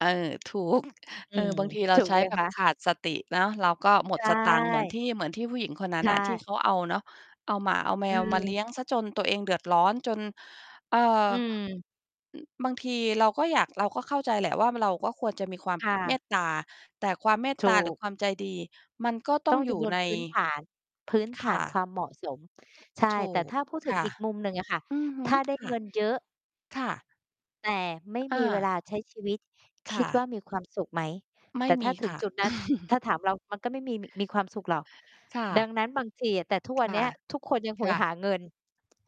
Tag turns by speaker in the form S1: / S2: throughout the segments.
S1: เออ ถูก
S2: อ
S1: เ
S2: ื
S1: ออ
S2: ม
S1: บางทีเรา
S2: ถูก
S1: ใช
S2: ไ
S1: ้
S2: หม
S1: แบ
S2: ค
S1: บ
S2: ะ?
S1: ขาดสติเนาะ เราก็หม
S2: ใช
S1: ดสตางค์ เหมือน
S2: ่
S1: ที่ เหมือนที่ผู้หญิงคนนั้
S2: ใช
S1: นน่ะที่
S2: ่
S1: เขาเอาเนาะ เอาหมา เอาแม
S2: อื
S1: วมาเลี
S2: ม
S1: ้ยงเสียจนตัวเองเดือดร้อน จน เอ่อ
S2: อืม
S1: บางทีเราก็อยาก เราก็เข้าใจแหละว่า เราก็ควรจะมีความ
S2: ค่
S1: เม
S2: ะ
S1: ตตา แต่ความเมต
S2: ถ
S1: ตา
S2: ู
S1: หรื
S2: ก
S1: อความใจดี มันก็ต้
S2: ต
S1: อ
S2: ้อ
S1: ง
S2: ง
S1: อย
S2: จ
S1: ู่
S2: ำนวน
S1: ใน
S2: พื้นฐาน พื้น
S1: ค
S2: ฐ
S1: ่
S2: านค
S1: ะ
S2: วามเหมาะสม ใช่
S1: ถู
S2: แต่
S1: ก
S2: ถ้าพูดถึ
S1: ค
S2: ง
S1: ่ะ
S2: อีกมุมหนึ่งอ่ะค่ะ
S1: อือฮ
S2: ถ
S1: ึ
S2: ้าได้
S1: ค่
S2: เง
S1: ะ
S2: ินเยอะ
S1: ค่ะ
S2: แต่ไม่
S1: อ
S2: มีเว
S1: า
S2: ลาใช้ชีวิต
S1: ค
S2: ค
S1: ่
S2: ิดว่
S1: ะ
S2: ามีความสุขไหม?
S1: ไม
S2: แต
S1: ่
S2: ่ถ
S1: ม
S2: ้า
S1: ี
S2: ถึ
S1: ค
S2: ง
S1: ่ะ
S2: จุดนั้น ถ้าถามเรา มันก็ไม่มี มีความสุขหรอก
S1: ค่
S2: ด
S1: ะ
S2: ังนั้น บางทีอะ แต่ทุกวั
S1: ค
S2: นเน
S1: ่
S2: ี
S1: ะ
S2: ้ย ทุกคนยังโห
S1: ค
S2: ย
S1: ่
S2: ห
S1: ะ
S2: าเงิน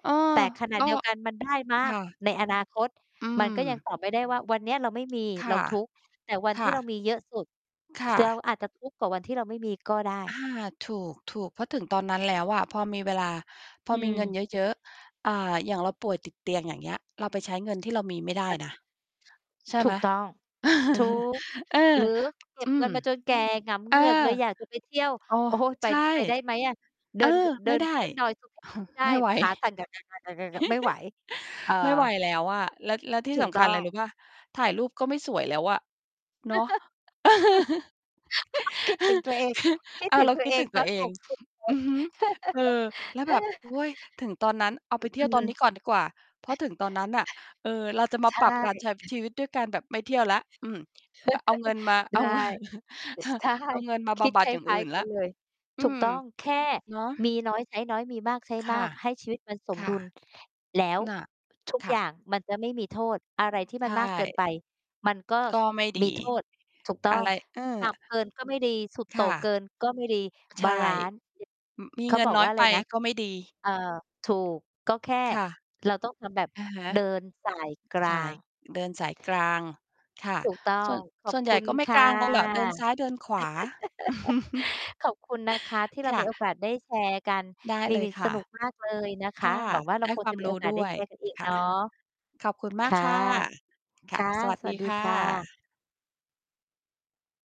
S1: เออ
S2: แต่ขณะ
S1: ก็
S2: เดียวกันมันได้ม
S1: ค
S2: าก
S1: ่ะ
S2: ในอนาคต
S1: อื
S2: มันก็ยั
S1: ม
S2: ง ตอบ ไม่ได้ว่า วันเนี้ย เราไม่มี
S1: ค
S2: เร
S1: ่
S2: า
S1: ะ
S2: ทุกข์ แต่วัน
S1: ค
S2: ที
S1: ่
S2: ่เรา
S1: ะ
S2: มีเยอะสุด
S1: ค่
S2: เรา
S1: ะ
S2: อาจจะทุกข์กว่าวันที่เราไม่มีก็ได้
S1: อา ถูก ๆ เพราะถึงตอนนั้นแล้วอะ พอมีเวลา พอ
S2: อื
S1: มีเงิน
S2: ม
S1: เยอะ ๆ อ่า อย่างเราป่วยติดเตียง อย่างเงี้ย เราไปใช้เงินที่เรามีไม่ได้
S2: อะ
S1: นะ
S2: ฮะ
S1: ใช่
S2: ถ
S1: ไ
S2: ู
S1: หม?
S2: กต้อง ถูก
S1: เออ
S2: หรือ เก็
S1: อ
S2: บ
S1: ื
S2: เงิ
S1: ม
S2: นมาจนแก่ หงำเ
S1: เอ
S2: หง
S1: อ
S2: ือกเลย อยากจะไปเที่ยว
S1: อ้อ
S2: โอ้โฮ ไป
S1: ใช่
S2: จ ไปได้ไหมอะ เด
S1: เ
S2: ิ
S1: ออ
S2: น ก เด
S1: ไ
S2: ิ
S1: ม่
S2: น
S1: ได้
S2: ขึ้นดอยสุเทพ ไม่ได้
S1: ไม่ไหว
S2: ขาสั่น ไม่ไหว เออ
S1: ไม่ไหวแล้วอะ แล้ว แล้วที่
S2: ถู
S1: ส
S2: ก
S1: ำ
S2: ต
S1: ค
S2: ้
S1: ัญ
S2: อ
S1: ไร
S2: ง
S1: รู้เปล่า? ถ่ายรูปก็ไม่สวยแล้วอะ เนาะ
S2: คิดถึงตัวเอง คิด
S1: อา
S2: ถึง
S1: เรา
S2: ตั
S1: ค
S2: ว
S1: ิ
S2: เ
S1: ด
S2: อ
S1: ถ
S2: ง
S1: ึง
S2: ต
S1: ตั
S2: อ
S1: ว
S2: น
S1: เอ
S2: ห
S1: ง
S2: กสิบ เล
S1: อื
S2: ย
S1: อฮึ เออ แล้ว
S2: เอ
S1: แบบ
S2: อ
S1: โอ๊ย ถึงตอนนั้น เอา
S2: อ
S1: ไ
S2: ื
S1: ป
S2: อ
S1: เที
S2: อ
S1: ่
S2: ื
S1: ยวตอนนี้
S2: ม
S1: ก่อนดีกว่า เพราะถึงตอนนั้นน่ะ เออ เราจะม
S2: ใ
S1: า
S2: ช
S1: ปรับการใช้
S2: ่
S1: ชีวิตด้วยการแบบไม่เที่ยวแล้ว อืม อะ เอาเงินมา เอ
S2: ไ
S1: า
S2: ด้
S1: เงิน
S2: ใช่
S1: เอาเงินมา
S2: ค
S1: บ
S2: ิด
S1: ำบั
S2: ค
S1: ดอย่าง
S2: ล้
S1: อ
S2: า
S1: ื
S2: ย
S1: ่น
S2: ๆ ก
S1: แล
S2: ั
S1: ้ว
S2: นเลย
S1: อื
S2: ถูก
S1: ม
S2: ต้อง แค่
S1: เนาะ
S2: มีน้อยใช้น้อย มีมากใช้
S1: ค
S2: มา
S1: ่ะ
S2: ก ให้ชีวิตมันส
S1: ค
S2: ม
S1: ่
S2: ด
S1: ะ
S2: ุล แล้ว
S1: น่ะ
S2: ทุก
S1: ค
S2: อ
S1: ่
S2: ย่า
S1: ะ
S2: งมันจะไม่มีโทษ อะ
S1: อ
S2: ไ
S1: ื
S2: ร
S1: ม
S2: ที่
S1: ใ
S2: ม
S1: ช
S2: ันมากเกิน
S1: ่
S2: ไป มันก็
S1: ก
S2: ส
S1: ็ไม่ ดี
S2: มีโทษ ถูกต้อ
S1: อะ
S2: ง
S1: ไร เอ
S2: ต
S1: อ
S2: ่ำ เกินก็ ไม่ดี สุดโ
S1: ค
S2: ต่
S1: ่
S2: งเก
S1: ะ
S2: ินก็ไม่ดี
S1: ใช
S2: บ
S1: ่
S2: าลันซ์
S1: อือ มี
S2: เข
S1: เ
S2: า
S1: งิ
S2: บ
S1: น
S2: อ
S1: น
S2: ก
S1: ้อ
S2: ว
S1: ย
S2: ่า
S1: ไ
S2: ไ
S1: ป
S2: รนะ
S1: ก็ไม่ดี
S2: เออ ถูก ก็แค่
S1: ค่ะ
S2: เราต้อง ทำ แบบ
S1: อะฮะ
S2: เดิน สาย กลา
S1: ส่าย
S2: ง
S1: เดินสายกลางค่ะ
S2: ถูกต้อ
S1: ส่
S2: ง
S1: วน
S2: ขอ
S1: ส่
S2: บ
S1: วนใหญ
S2: คุ
S1: ่
S2: ณ
S1: ก็ไม่
S2: ค
S1: ก
S2: ่ะ
S1: ลางกันหรอก เดินซ้ายเดินขวา
S2: ขอบคุณนะคะที่เรา
S1: ค่
S2: มี
S1: ะ
S2: โอกาสได้แชร์กัน
S1: ได้
S2: มี
S1: เลยค
S2: ส
S1: ่ะ
S2: นุกมากเลยนะค
S1: ค
S2: ะ
S1: ่ะ
S2: หวังว่า เร
S1: ไ
S2: า
S1: ด้
S2: คง
S1: ควา
S2: จะ
S1: ม
S2: มี
S1: ร
S2: โอ
S1: ู้
S2: กาส
S1: ด
S2: ได
S1: ้
S2: ้
S1: ว
S2: แช
S1: ย
S2: ร์กันอีก
S1: ค
S2: เน
S1: ่ะ
S2: าะ
S1: ขอบคุณม
S2: ค
S1: าก
S2: ่ะ
S1: ค่ะ ค
S2: ค
S1: ่ะ
S2: ่ะ
S1: สวัส
S2: ส
S1: ด
S2: วั
S1: ี
S2: สดี
S1: ค่
S2: ค่ะ
S1: ะ